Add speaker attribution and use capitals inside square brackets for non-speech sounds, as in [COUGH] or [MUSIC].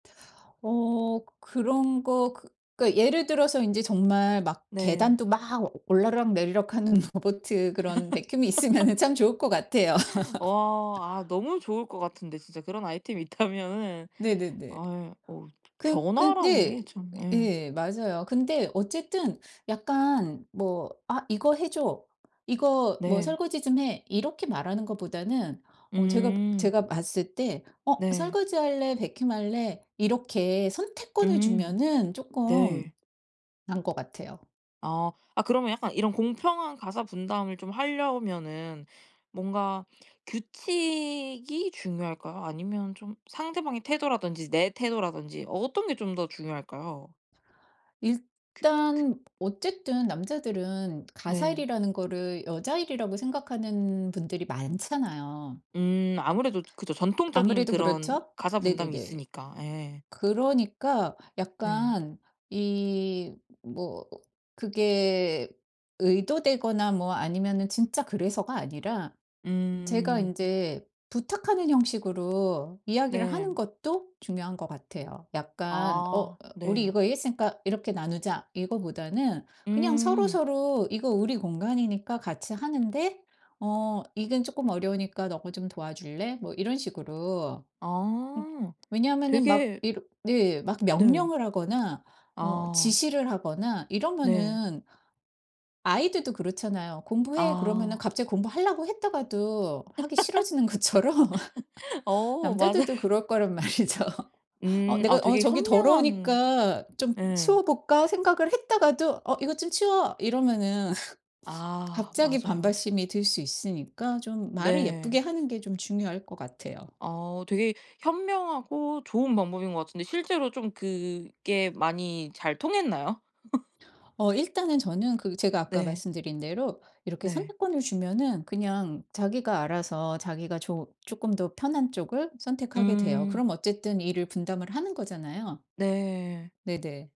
Speaker 1: 어. 그런 거 그 그러니까 예를 들어서 인제 정말 막
Speaker 2: 네.
Speaker 1: 계단도 막 올라락내리락하는 로보트 그런 vacuum이 있으면은 참 좋을 것 같아요.
Speaker 2: [LAUGHS] 어. 아
Speaker 1: [LAUGHS]
Speaker 2: 너무 좋을 것 같은데 진짜 그런 아이템이 있다면은.
Speaker 1: 네네네.
Speaker 2: 아 예. 어우
Speaker 1: 그
Speaker 2: 변화라는
Speaker 1: 근데
Speaker 2: 게 참 예.
Speaker 1: 예 맞아요. 근데 어쨌든 약간 뭐 "아 이거 해줘. 이거 뭐
Speaker 2: 네.
Speaker 1: 설거지 좀 해." 이렇게 말하는 것보다는 어 제가
Speaker 2: 음.
Speaker 1: 제가 봤을 때 어
Speaker 2: 네.
Speaker 1: "설거지할래, vacuum 할래?" 이렇게 선택권을
Speaker 2: 음.
Speaker 1: 주면은
Speaker 2: 네.
Speaker 1: 쪼끔 나은 것 같아요.
Speaker 2: 아. 아 그러면 약간 이런 공평한 가사 분담을 좀 하려면은 뭔가 규칙이 중요할까요? 아니면 좀 상대방의 태도라든지 내 태도라든지 어떤 게 좀 더 중요할까요? 그 그
Speaker 1: 일단 어쨌든 남자들은
Speaker 2: 네.
Speaker 1: 가사일이라는 거를 여자 일이라고 생각하는 분들이 많잖아요.
Speaker 2: 음. 아무래도 그죠, 전통적인
Speaker 1: 아무래도
Speaker 2: 그런
Speaker 1: 그렇죠?
Speaker 2: 가사 분담이
Speaker 1: 네네네.
Speaker 2: 있으니까. 예.
Speaker 1: 그러니까
Speaker 2: 네.
Speaker 1: 약간 이 뭐 그게 의도되거나 뭐 아니면은 진짜 그래서가 아니라 제가
Speaker 2: 음.
Speaker 1: 인제 부탁하는 형식으로 이야기를
Speaker 2: 네.
Speaker 1: 하는 것도 중요한 것 같아요. 약간 "어
Speaker 2: 아
Speaker 1: 우리
Speaker 2: 네.
Speaker 1: 이거 이랬으니까 이렇게 나누자." 이거보다는 그냥
Speaker 2: 음.
Speaker 1: 서로서로 "이거 우리 공간이니까 같이 하는데 어 이건 쪼끔 어려우니까 너가 좀 도와줄래?" 뭐 이런 식으로. 음.
Speaker 2: 아
Speaker 1: 왜냐하면은 막
Speaker 2: 되게
Speaker 1: 이렇 네 막
Speaker 2: 네.
Speaker 1: 명령을 하거나 어
Speaker 2: 아.
Speaker 1: 지시를 하거나
Speaker 2: 네.
Speaker 1: 이러면은 아이들도 그렇잖아요. "공부해." 그러면은
Speaker 2: 아.
Speaker 1: 갑자기 공부하려고 했다가도 하기 싫어지는 것처럼
Speaker 2: [LAUGHS] 어 맞아요.
Speaker 1: 남자들도 그럴 거란 말이죠. '어
Speaker 2: 음. 아
Speaker 1: 내가 어
Speaker 2: 되게
Speaker 1: 저기
Speaker 2: 현명한
Speaker 1: 더러우니까 좀
Speaker 2: 예.
Speaker 1: 치워 볼까.' 생각을 했다가도 "어 이것 좀 치워." 이러면은
Speaker 2: 아
Speaker 1: 갑자기
Speaker 2: 맞아요.
Speaker 1: 반발심이 들 수 있으니까 좀 말을 예쁘게
Speaker 2: 네.
Speaker 1: 하는 게 좀 중요할 것 같아요.
Speaker 2: 아 되게 현명하고 좋은 방법인 것 같은데 실제로 좀 그게 많이 잘 통했나요? [LAUGHS]
Speaker 1: 어 일단은 저는 그 제가 아까
Speaker 2: 네.
Speaker 1: 말씀드린 대로 이렇게
Speaker 2: 네.
Speaker 1: 선택권을 주면은 그냥 자기가 알아서 자기가 조 쪼끔 더 편한 쪽을 선택하게 돼요.
Speaker 2: 음.
Speaker 1: 그럼 어쨌든 일을 분담을 하는 거잖아요.
Speaker 2: 네.
Speaker 1: 네네.